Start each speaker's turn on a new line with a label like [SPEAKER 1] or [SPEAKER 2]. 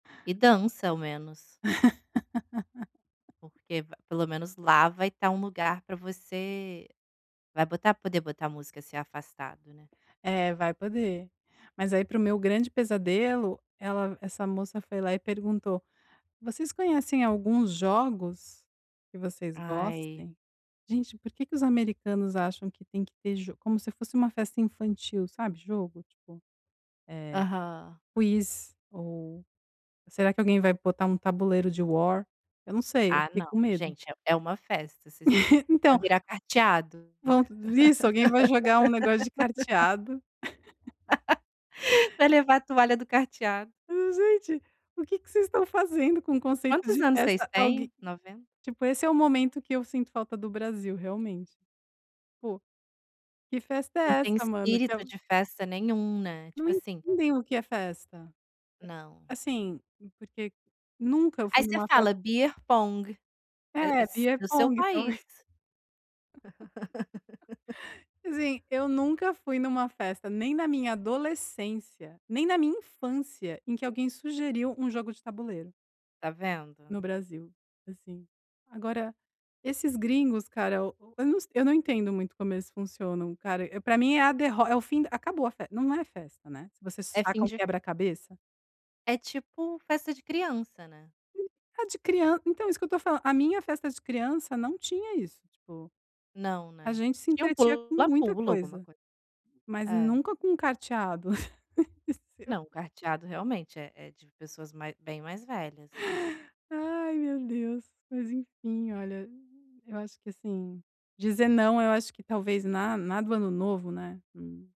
[SPEAKER 1] E dança ao menos. Porque v pelo menos lá vai estar um lugar para você vai botar poder botar música, ser afastado, né.
[SPEAKER 2] É vai poder. Mas aí para o meu grande pesadelo, ela essa moça foi lá e perguntou: "Vocês conhecem alguns jogos que vocês
[SPEAKER 1] Ai.
[SPEAKER 2] gostem?" Gente por que que os americanos acham que tem que ter jo como se fosse uma festa infantil sabe jogo tipo, eh,
[SPEAKER 1] Aham.
[SPEAKER 2] quiz ou será que alguém vai botar um tabuleiro de War? Eu não sei, eu
[SPEAKER 1] Ah,
[SPEAKER 2] fiquei
[SPEAKER 1] não,
[SPEAKER 2] com medo.
[SPEAKER 1] gente, é uma festa, se vai
[SPEAKER 2] Então
[SPEAKER 1] virar carteado.
[SPEAKER 2] Bom, isso alguém vai jogar um negócio de carteado.
[SPEAKER 1] Vai levar a toalha do carteado.
[SPEAKER 2] Gente, o que que vocês estão fazendo com o conceito
[SPEAKER 1] Quantos
[SPEAKER 2] de
[SPEAKER 1] anos vocês
[SPEAKER 2] festa? Algué
[SPEAKER 1] têm, 90?
[SPEAKER 2] tipo esse é o momento que eu sinto falta do Brasil realmente. Po, que festa
[SPEAKER 1] Não
[SPEAKER 2] é
[SPEAKER 1] tem
[SPEAKER 2] essa mano, que
[SPEAKER 1] espírito de festa nenhum, né,
[SPEAKER 2] não
[SPEAKER 1] tipo assim.
[SPEAKER 2] entendem o que é festa.
[SPEAKER 1] Não.
[SPEAKER 2] Assim, porque nunca eu
[SPEAKER 1] Aí
[SPEAKER 2] fui em
[SPEAKER 1] você
[SPEAKER 2] uma festa
[SPEAKER 1] fala beer pong,
[SPEAKER 2] É, beer
[SPEAKER 1] do seu
[SPEAKER 2] pong também.
[SPEAKER 1] país.
[SPEAKER 2] Assim, eu nunca fui em uma festa nem na minha adolescência, nem na minha infância, em que alguém sugeriu um jogo de tabuleiro.
[SPEAKER 1] Tá vendo?
[SPEAKER 2] No Brasil, assim. Agora, esses gringos cara, eu não se eu não entendo muito como eles funcionam cara, para mim é a derro é o fim d acabou a festa, não é festa, né, se você
[SPEAKER 1] É fim
[SPEAKER 2] saca um
[SPEAKER 1] de fe
[SPEAKER 2] quebra-cabeça.
[SPEAKER 1] É tipo festa de criança, né.
[SPEAKER 2] [unintelligible] de crian então é isso que eu estou falando, a minha festa de criança não tinha isso, tipo,
[SPEAKER 1] Não,
[SPEAKER 2] a
[SPEAKER 1] né.
[SPEAKER 2] gente se
[SPEAKER 1] Tinha um
[SPEAKER 2] entretia com muita
[SPEAKER 1] pula-pula alguma
[SPEAKER 2] coisa,
[SPEAKER 1] coisa.
[SPEAKER 2] mas
[SPEAKER 1] É.
[SPEAKER 2] nunca com um carteado
[SPEAKER 1] Não,
[SPEAKER 2] [unintelligible]
[SPEAKER 1] carteado realmente é é de pessoas mai bem mais velhas.
[SPEAKER 2] Ai meu Deus, mas enfim olha, eu acho que assim, dizer não eu acho que talvez na na do ano novo, né, não.